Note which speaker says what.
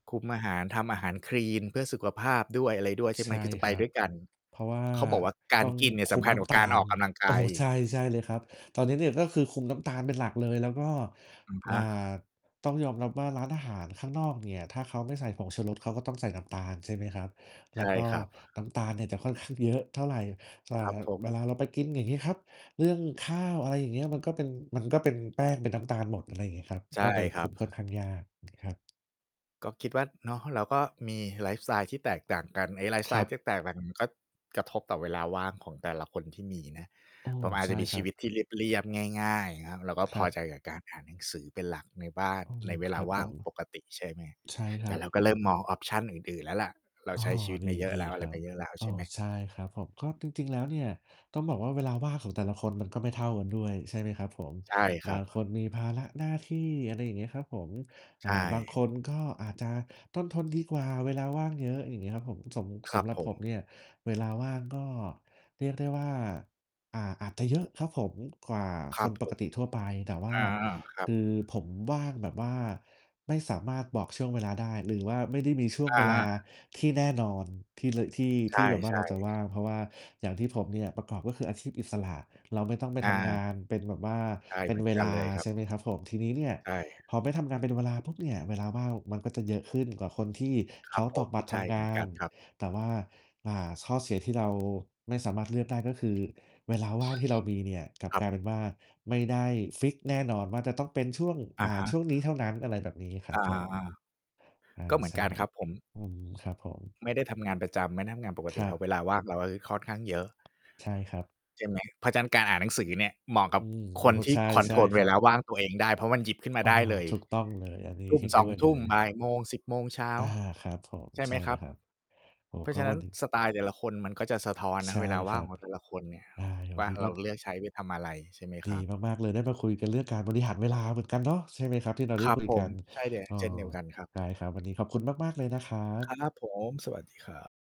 Speaker 1: คุมอาหาร ทำอาหารคลีนเพื่อสุขภาพด้วยอะไรด้วย ใช่ไ
Speaker 2: ใ
Speaker 1: ห
Speaker 2: ช
Speaker 1: ม
Speaker 2: ่
Speaker 1: คือจะไ
Speaker 2: ค
Speaker 1: ป
Speaker 2: รั
Speaker 1: ด
Speaker 2: บ
Speaker 1: ้วยกัน
Speaker 2: เพราะว่า
Speaker 1: เขาบอกว่าก
Speaker 2: ต
Speaker 1: า
Speaker 2: ้
Speaker 1: ร
Speaker 2: อง
Speaker 1: กินเนี่
Speaker 2: ค
Speaker 1: ยส
Speaker 2: ุ
Speaker 1: ำ
Speaker 2: ม
Speaker 1: คัญ
Speaker 2: น้
Speaker 1: กว่
Speaker 2: ำ
Speaker 1: า
Speaker 2: ตา
Speaker 1: การอ
Speaker 2: ล
Speaker 1: อกกำลังก
Speaker 2: โอ้
Speaker 1: ายอี
Speaker 2: ใช
Speaker 1: ก
Speaker 2: ่ ใช่เลยครับ ตอนนี้เนี่ย ก็คือคุมน้ำตาลเป็นหลักเลย แล้วก็
Speaker 1: อะฮ
Speaker 2: อ่า
Speaker 1: ะ
Speaker 2: ต้องยอมรับว่า ร้านอาหารข้างนอกเนี่ย ถ้าเขาไม่ใส่ผงชูรส เขาก็ต้องใส่น้ำตาล ใช่ไหมครับ? แ
Speaker 1: ใ
Speaker 2: ล
Speaker 1: ช
Speaker 2: ้ว
Speaker 1: ่
Speaker 2: ก็
Speaker 1: ครับ
Speaker 2: น้ำตาลเนี่ยจะค่อนข้างเยอะเท่าไร อ่า
Speaker 1: ครับผ
Speaker 2: เว
Speaker 1: ม
Speaker 2: ลาเราไปกินอย่างงี้ครับ เรื่องข้าว อะไรอย่างเงี้ย มันก็เป็น มันก็เป็นแป้ง เป็นน้ำตาลหมด อะไรงี้ครับ
Speaker 1: ใช่
Speaker 2: ก็เลย
Speaker 1: ค
Speaker 2: ค
Speaker 1: รั
Speaker 2: ุ
Speaker 1: บ
Speaker 2: มค่อนข้างยาก ครับ
Speaker 1: ก็คิดว่า เนาะ เราก็มีไลฟ์สไตล์ที่แตกต่างกัน ไอ้ไลฟ์สไ
Speaker 2: ค
Speaker 1: ต
Speaker 2: รั
Speaker 1: ล์
Speaker 2: บ
Speaker 1: ที่แตกต่างกัน ก็กระทบต่อเวลาว่างของแต่ละคนที่มีนะ
Speaker 2: อ้อ
Speaker 1: ผมอาจ
Speaker 2: ใช
Speaker 1: จ
Speaker 2: ่
Speaker 1: ะมี
Speaker 2: ค
Speaker 1: ช
Speaker 2: ร
Speaker 1: ี
Speaker 2: ั
Speaker 1: วิ
Speaker 2: บ
Speaker 1: ตที่เรียบ ๆ ง่าย ๆ ครับ เราก็
Speaker 2: ค
Speaker 1: พ
Speaker 2: ร
Speaker 1: อ
Speaker 2: ับ
Speaker 1: ใจกับการอ่านหนังสือเป็นหลักในบ้าน
Speaker 2: อืม
Speaker 1: ในเว
Speaker 2: ค
Speaker 1: ลา
Speaker 2: รับ
Speaker 1: ว่
Speaker 2: ผ
Speaker 1: าง
Speaker 2: ม
Speaker 1: ปกติ ใช่ไหม
Speaker 2: ใช่ค
Speaker 1: แ
Speaker 2: ร
Speaker 1: ต่
Speaker 2: ับ
Speaker 1: เราก็เริ่มมอง ออปชัน อื่น ๆ แล้วล่ะ เรา
Speaker 2: อ้อ
Speaker 1: ใช้ชีวิตมาเยอะ
Speaker 2: ด
Speaker 1: แล
Speaker 2: ี
Speaker 1: ้ว อ
Speaker 2: ๆ
Speaker 1: ะ
Speaker 2: ค
Speaker 1: ไร
Speaker 2: รั
Speaker 1: ม
Speaker 2: บ
Speaker 1: าเยอะแล้ว
Speaker 2: เ
Speaker 1: ใ
Speaker 2: อ
Speaker 1: ช
Speaker 2: อ
Speaker 1: ่ไหม
Speaker 2: ใช่ครับผม ก็จริง ๆ แล้วเนี่ย ต้องบอกว่าเวลาว่างของแต่ละคนมันก็ไม่เท่ากันด้วย ใช่ไหมครับผม
Speaker 1: ใช่ค
Speaker 2: บ
Speaker 1: ร
Speaker 2: า
Speaker 1: ับ
Speaker 2: งคนมีภาระหน้าที่ อะไรอย่างเงี้ยครับผม
Speaker 1: ใ
Speaker 2: อ
Speaker 1: ช
Speaker 2: ่า
Speaker 1: ่
Speaker 2: บางคนก็อาจจะต้นทนดีกว่า เวลาว่างเยอะ อย่างงี้ครับผม สม
Speaker 1: ค
Speaker 2: ส
Speaker 1: รับ
Speaker 2: ำหรั
Speaker 1: ผ
Speaker 2: บผ
Speaker 1: ม
Speaker 2: มเนี่ย เวลาว่างก็เรียกได้ว่า อ่า อาจจะเยอะครับผมกว่า
Speaker 1: คร
Speaker 2: ค
Speaker 1: ับ
Speaker 2: น
Speaker 1: ผ
Speaker 2: ปก
Speaker 1: ม
Speaker 2: ติทั่วไป แต่ว่
Speaker 1: อ
Speaker 2: า
Speaker 1: า คร
Speaker 2: ค
Speaker 1: ับ
Speaker 2: ือ ผมว่างแบบว่าไม่สามารถบอกช่วงเวลาได้ หรือว่าไม่ได้มีช่วง
Speaker 1: อ
Speaker 2: เว
Speaker 1: า
Speaker 2: ลาที่แน่นอน ที่เลย ที่
Speaker 1: ใ
Speaker 2: ที่แบบว่า
Speaker 1: ช
Speaker 2: เรา
Speaker 1: ่
Speaker 2: จะว
Speaker 1: ๆ
Speaker 2: ่าง เพราะว่าอย่างที่ผมเนี่ยประกอบ ก็คืออาชีพอิสระ เราไม่ต้องไป
Speaker 1: อ
Speaker 2: ทำง
Speaker 1: า
Speaker 2: านเป็นแบบว่า
Speaker 1: ใช่
Speaker 2: เป
Speaker 1: เ
Speaker 2: ็
Speaker 1: หม
Speaker 2: น
Speaker 1: ือน
Speaker 2: เว
Speaker 1: กั
Speaker 2: ล
Speaker 1: น
Speaker 2: า
Speaker 1: เลยครั
Speaker 2: ใ
Speaker 1: บ
Speaker 2: ช่ไหมครับผม ทีนี้เนี่ย
Speaker 1: ใช่
Speaker 2: พอไม่ทำงานเป็นเวลาปุ๊บเนี่ย เวลาว่างมันก็จะเยอะขึ้นกว่าคนที่
Speaker 1: คร
Speaker 2: เข
Speaker 1: ับ
Speaker 2: า
Speaker 1: ผ
Speaker 2: ตอ
Speaker 1: ม
Speaker 2: กบัตร
Speaker 1: ใช
Speaker 2: ท
Speaker 1: ่
Speaker 2: ำ
Speaker 1: เ
Speaker 2: ง
Speaker 1: หมือน
Speaker 2: า
Speaker 1: กั
Speaker 2: น
Speaker 1: นครับ
Speaker 2: แต่ว่า อ่า ข้อเสียที่เราไม่สามารถเลือกได้ ก็คือเวลาว่างที่เรามีเนี่ย กลับ
Speaker 1: ครั
Speaker 2: ก
Speaker 1: บ
Speaker 2: ลายเป็นว่าไม่ได้ฟิกซ์แน่นอนว่าจะต้องเป็นช่วง
Speaker 1: อะ
Speaker 2: อ่า
Speaker 1: ฮะ
Speaker 2: ช่วงนี้เท่านั้น อะไรแบบนี้คร
Speaker 1: อ
Speaker 2: ับ
Speaker 1: า
Speaker 2: ผม
Speaker 1: ๆ
Speaker 2: อ
Speaker 1: ๆ
Speaker 2: า
Speaker 1: ก็เหมื
Speaker 2: ใ
Speaker 1: อ
Speaker 2: ช
Speaker 1: น
Speaker 2: ่
Speaker 1: กัน
Speaker 2: ครั
Speaker 1: ค
Speaker 2: บ
Speaker 1: รับผม
Speaker 2: อืม ครับผม
Speaker 1: ไม่ได้ทำงานประจำ ไม่ได้ทำงานปก
Speaker 2: ค
Speaker 1: ติ
Speaker 2: รั
Speaker 1: ครับ
Speaker 2: บ
Speaker 1: เวลาว่างเราก็จะค่อนข้างเยอะ
Speaker 2: ใช่ครับ
Speaker 1: ใช่ไหม เพราะฉะนั้นการอ่านหนังสือเนี่ย เหมาะกั
Speaker 2: อื
Speaker 1: บ
Speaker 2: ม
Speaker 1: ค
Speaker 2: โอ้
Speaker 1: นที่
Speaker 2: ใช่
Speaker 1: คอน
Speaker 2: ใช
Speaker 1: โท
Speaker 2: ่
Speaker 1: รล
Speaker 2: ค
Speaker 1: เว
Speaker 2: รั
Speaker 1: ล
Speaker 2: บ
Speaker 1: าว่างตัวเองได้ เพราะมันหยิบขึ้นม
Speaker 2: โ
Speaker 1: า
Speaker 2: อ้
Speaker 1: ได้
Speaker 2: โฮ
Speaker 1: เลย
Speaker 2: ถูกต้องเลย อันนี้
Speaker 1: ทุ่
Speaker 2: เ
Speaker 1: ม
Speaker 2: ห็น
Speaker 1: ส
Speaker 2: ด้
Speaker 1: อง
Speaker 2: วย
Speaker 1: ท
Speaker 2: เล
Speaker 1: ุ่ม
Speaker 2: ย
Speaker 1: บ่ายโมง สิบโมงเช้า
Speaker 2: อา ครับผม
Speaker 1: ใช่ไ
Speaker 2: ใช
Speaker 1: หม
Speaker 2: ่
Speaker 1: ค
Speaker 2: เล
Speaker 1: รั
Speaker 2: ย
Speaker 1: บ?
Speaker 2: ครับ โอ้โฮ
Speaker 1: เพรา
Speaker 2: ก
Speaker 1: ะ
Speaker 2: ็
Speaker 1: ฉะน
Speaker 2: ว
Speaker 1: ั้
Speaker 2: ั
Speaker 1: น
Speaker 2: น
Speaker 1: สไตล์แต่ละคนมันก็จะสะท้อนน
Speaker 2: ใช
Speaker 1: ะ
Speaker 2: ่
Speaker 1: เวลาว
Speaker 2: ค
Speaker 1: ่า
Speaker 2: รั
Speaker 1: งข
Speaker 2: บ
Speaker 1: องแต่ละคนเนี่ย
Speaker 2: อ่า ยังไงว
Speaker 1: ว
Speaker 2: ั
Speaker 1: ่
Speaker 2: น
Speaker 1: า
Speaker 2: นี้
Speaker 1: เ
Speaker 2: ก
Speaker 1: ร
Speaker 2: ็
Speaker 1: าเลือกใช้ไปทำอะไรใช่ไหมค
Speaker 2: ดี
Speaker 1: รับ?
Speaker 2: มาก ๆ เลยได้มาคุยกันเรื่องการบริหารเวลาเหมือนกันเนาะ ใช่ไหมครับ? ที่เรา
Speaker 1: ค
Speaker 2: ได้
Speaker 1: รับ
Speaker 2: คุย
Speaker 1: ผ
Speaker 2: กั
Speaker 1: ม
Speaker 2: น
Speaker 1: ใช่เลย
Speaker 2: เออ
Speaker 1: เช่นเดียวกันครับ
Speaker 2: ได้ครับ วันนี้ขอบคุณมาก ๆ เลยนะครั
Speaker 1: คร
Speaker 2: บ
Speaker 1: ับผม สวัสดีครับ